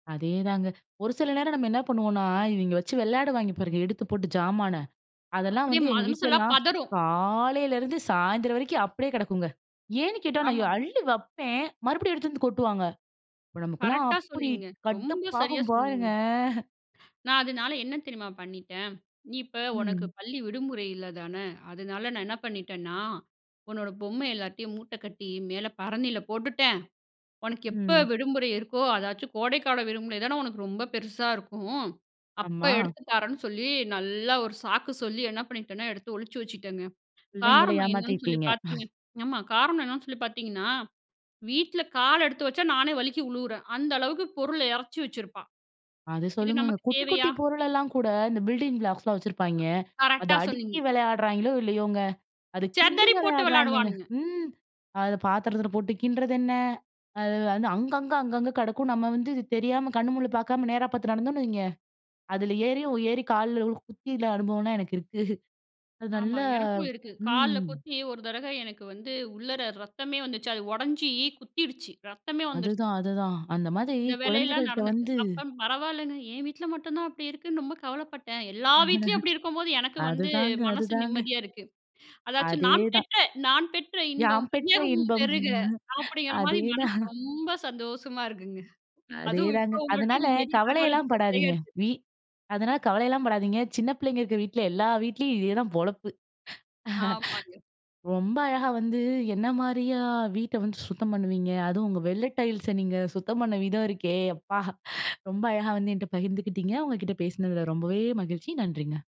அதேதாங்க. ஒரு சில நேரம் நம்ம என்ன பண்ணுவோனா, இவிங்க வச்சு விளையாடுவாய்ங்க பாருங்க, எடுத்து போட்டு ஜாமான. அதெல்லாம் அப்படியே வந்து எங்க மனசெல்லாம் வீட்லலாம் பதறும். காலையிலருந்து சாயந்தரம் வரைக்கும் அப்டியே கிடக்குங்க. ஏன்னு கேட்டா! நான் எ ஆமாங். அள்ளி வைப்பேன், மறுபடியும் எடுத்து வந்து கொட்டுவாங்க. அப்ப நமக்கெல்லாம் கரெக்டா அப்டி சொன்னீங்க. ரொம்ப சரியா கடுப்பாகும் சொன்னீங்க. பாருங்க. நான் அதனால என்ன தெரியுமா பண்ணிட்டேன். "நீ இப்ப உனக்கு ம். பள்ளி விடுமுறை இல்ல தானே, அதனால நான என்ன பண்ணிட்டேனா உன்னோட பொம்மை எல்லாத்தயும் மூட்ட கட்டி மேல பரணில போட்டுட்டேன். உனக்கு எப்போ ம். விடுமுறை இருக்கோ, அதாச்சும் கோடைக்கால விடுமுறை தானே உனக்கு ரொம்ப பெருசா இருக்கும். அப்போ ஆமா. எடுத்து தாரேன்னு." சொல்லி நல்லா ஒரு சாக்கு சொல்லி என்ன பண்ணிட்டேன்னா எடுத்து ஒழிச்சி வச்சிட்டேங்க. பிள்ளைங்கள காரணம் என்னென்னு சொல்லி ஏமாத்திருக்கீங்க? பாத்திங்கனா ஆமா காரணம் என்னென்னு சொல்லி பாத்திங்கன்னா, வீட்ல கால் எடுத்து வச்சா நானே வலிக்கி உழுவுறேன். அந்த அளவுக்கு பொருள இறைச்சி வச்சிருப்பா அது இது சொல்லுங்கங்க. நமக்கு குட்டி தேவையா? குட்டி பொருளெல்லா கூட இந்த பில்டிங் ப்ளாக்ஸ்லாம் வச்சுருப்பாங்க. அத கரெக்ட்டா அடுக்கி சொன்னீங்க. விளையாடுறாய்ங்களோ இல்லையோங்க. அது கிண்டி செதறி போட்டு விளையாடுறாய்ங்கங்க. விளையாடுவானுங்க. ம். அத பாத்திரத்துல போட்டு கிண்டறதென்ன அது வந்து அங்கங்க, அங்கங்க கிடக்கும் நம்ம வந்து இது தெரியாம கண்ணு முண்ணு பாக்காம நேரா பாத்து நடந்தோன்னு வைங்க, அதுல ஏறியும் ஏறி கால்ல குத்தி அனுபவம்லாம் எனக்கு இருக்கு அது ஆமா நல்லா எனக்கும் இருக்கு. கால்ல ம். கொத்தி ஒரு தடவ எனக்கு வந்து உள்ளற ரத்தமே வந்துச்சு அது உடைஞ்சி, குத்திருச்சு ரத்தமே வந்துடுச்சு. அதுதான், அதுதான் அந்த மாரி இந்த வேலையெல்லா குழந்தைகள்ட்ட நடந்திருக்கு வந்து அப்போ பரவாயில்லங்க என் வீட்டில மட்டும் தான் அப்படி இருக்குன்னு ரொம்ப கவலப்பட்டேன். எல்லா வீட்லயும் அப்படி இருக்கும்போது எனக்கு வந்து அதுதாங்க, மனசு அதுதாங்க. நிம்மதியா இருக்கு. அதாச்சும் நான் அதேதான். பெற்ற "நான் பெற்ற இன்பம் யாம் பெற்ற வையகமும் இன்பம், பெருக!" அப்படிங்கிற மாரி மனசு அதேதான். ரொம்ப சந்தோசமா இருக்குங்க. அதே அதுவும் தாங்க, இப்போ உங்கள்ட்ட அதனால இந்த மாரி தகவல். கவலைலாம் படாதீங்க. வீ [unintelligible] அதனால கவலைலாம படாதீங்க. சின்ன பிள்ளைக இருக்கற வீட்ல எல்லா வீட்லியும் இது தான் பொழப்பு. ஆமாங்க. ரொம்ப அழகா வந்து என்ன மாரியா வீட்ட வந்து சுத்தம் பண்ணுவீங்க? அதுவும் உங்க வெள்ள டைல்ஸ நீங்க சுத்தம் பண்ண விதம் இருக்கே, அப்பா! ரொம்ப அழகா வந்து என்ட்ட பகிர்ந்துக்கிட்டீங்க உங்க கிட்ட பேசுனதுல ரொம்பவே மகிழ்ச்சி நன்றிங்க.